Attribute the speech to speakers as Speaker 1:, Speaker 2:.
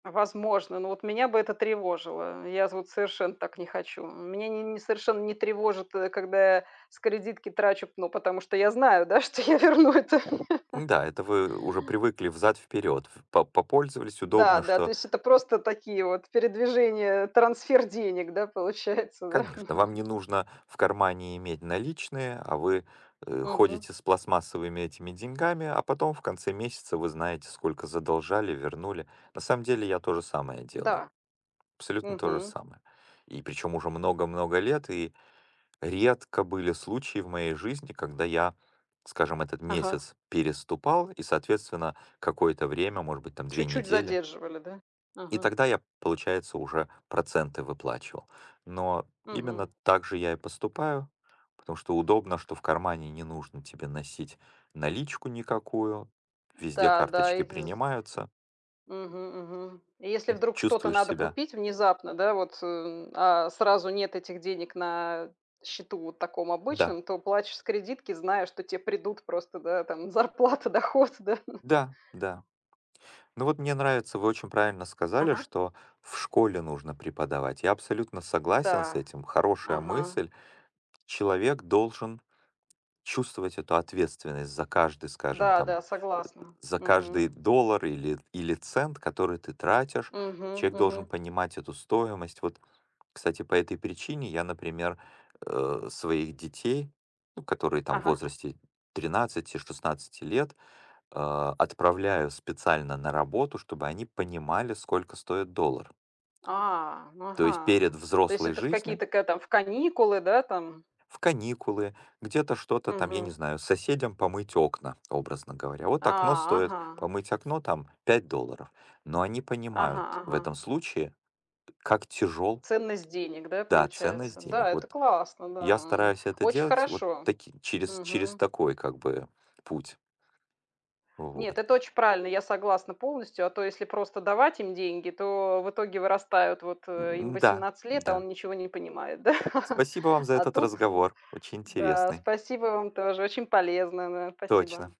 Speaker 1: А возможно. Но вот меня бы это тревожило, э. Я з вот совершенно так не хочу. Меня не не совершенно не тревожит, э, когда я с кредитки трачу п ну потому что я знаю, да, что я верну это.
Speaker 2: М-да, это вы уже привыкли взад-вперёд. Ф по попользовались.
Speaker 1: Да,
Speaker 2: Удобно,
Speaker 1: да, то
Speaker 2: что
Speaker 1: есть это просто такие вот передвижения, трансфер денег, да, получается, да?
Speaker 2: Конечно, вам не нужно в кармане иметь наличные, а вы, э,
Speaker 1: Мгм.
Speaker 2: ходите с пластмассовыми этими деньгами, а потом, в конце месяца, вы знаете, сколько задолжали, вернули. На самом деле я то же самое делаю,
Speaker 1: Да.
Speaker 2: абсолютно то же
Speaker 1: Мгм.
Speaker 2: самое, и причем уже много-много лет. И редко были случаи в моей жизни, когда я, скажем, этот
Speaker 1: Ага.
Speaker 2: месяц переступал и, соответственно, какое-то время, может быть, там 2
Speaker 1: Чуть-чуть
Speaker 2: недели
Speaker 1: задерживали, да?
Speaker 2: И
Speaker 1: Ага.
Speaker 2: тогда я, получается, уже проценты выплачивал. Но именно
Speaker 1: Мгм.
Speaker 2: так же я и поступаю, потому что удобно, что в кармане не нужно тебе носить наличку никакую, везде
Speaker 1: Да, да.
Speaker 2: карточки
Speaker 1: И з
Speaker 2: принимаются.
Speaker 1: Мгм, мгм. И если
Speaker 2: М.
Speaker 1: вдруг что-то
Speaker 2: Чувствуешь
Speaker 1: надо
Speaker 2: себя
Speaker 1: купить внезапно, да, вот, э, а сразу нет этих денег на счету вот таком
Speaker 2: Да.
Speaker 1: обычном, то платишь с кредитки, зная, что те придут просто, да, там зарплата, доход, да.
Speaker 2: Да, да. Ну вот мне нравится, вы очень правильно сказали,
Speaker 1: Ага.
Speaker 2: что в школе нужно преподавать. Я абсолютно согласен с
Speaker 1: Да,
Speaker 2: этим. Хорошая
Speaker 1: ага.
Speaker 2: мысль. Человек должен чувствовать эту ответственность за каждый, скажем
Speaker 1: Да,
Speaker 2: там,
Speaker 1: да,
Speaker 2: э, э,
Speaker 1: согласна.
Speaker 2: за каждый
Speaker 1: Мгм.
Speaker 2: доллар или или цент, который ты тратишь,
Speaker 1: Мгм,
Speaker 2: человек должен
Speaker 1: мгм.
Speaker 2: понимать эту стоимость. Вот, кстати, по этой причине я, например, э, своих детей, ну, которые там в
Speaker 1: Ага.
Speaker 2: возрасте 13-16 лет, а, отправляю специально на работу, чтобы они понимали, сколько стоит доллар.
Speaker 1: А.
Speaker 2: То есть перед
Speaker 1: Ага. То есть,
Speaker 2: взрослой
Speaker 1: это в
Speaker 2: жизнью.
Speaker 1: какие-то ка там в каникулы, да там?
Speaker 2: В каникулы, где-то что-то там, я не
Speaker 1: Мгм.
Speaker 2: знаю, соседям помыть окна, образно говоря. Вот окно
Speaker 1: А!
Speaker 2: стоит
Speaker 1: Ага.
Speaker 2: помыть окно там 5 долларов. Но они
Speaker 1: Ага,
Speaker 2: понимают в
Speaker 1: ага.
Speaker 2: этом случае, как тяжёл
Speaker 1: Ценность денег, да,
Speaker 2: Да, ценность
Speaker 1: получается? Да,
Speaker 2: денег.
Speaker 1: это
Speaker 2: Вот
Speaker 1: классно,
Speaker 2: я
Speaker 1: да,
Speaker 2: стараюсь это
Speaker 1: очень
Speaker 2: делать вот
Speaker 1: хорошо.
Speaker 2: таки через через
Speaker 1: Мгм.
Speaker 2: такой как бы путь.
Speaker 1: Нет,
Speaker 2: Вот.
Speaker 1: это очень правильно, я согласна полностью, а то если просто давать им деньги, то в итоге вырастают. Вот, э, им
Speaker 2: М, да,
Speaker 1: 18 лет, а
Speaker 2: да.
Speaker 1: он ничего не понимает, да?
Speaker 2: Спасибо вам за
Speaker 1: А
Speaker 2: этот
Speaker 1: тут, э,
Speaker 2: разговор. Очень
Speaker 1: да,
Speaker 2: интересный.
Speaker 1: спасибо вам тоже. Очень полезно, да. Спасибо!
Speaker 2: Точно.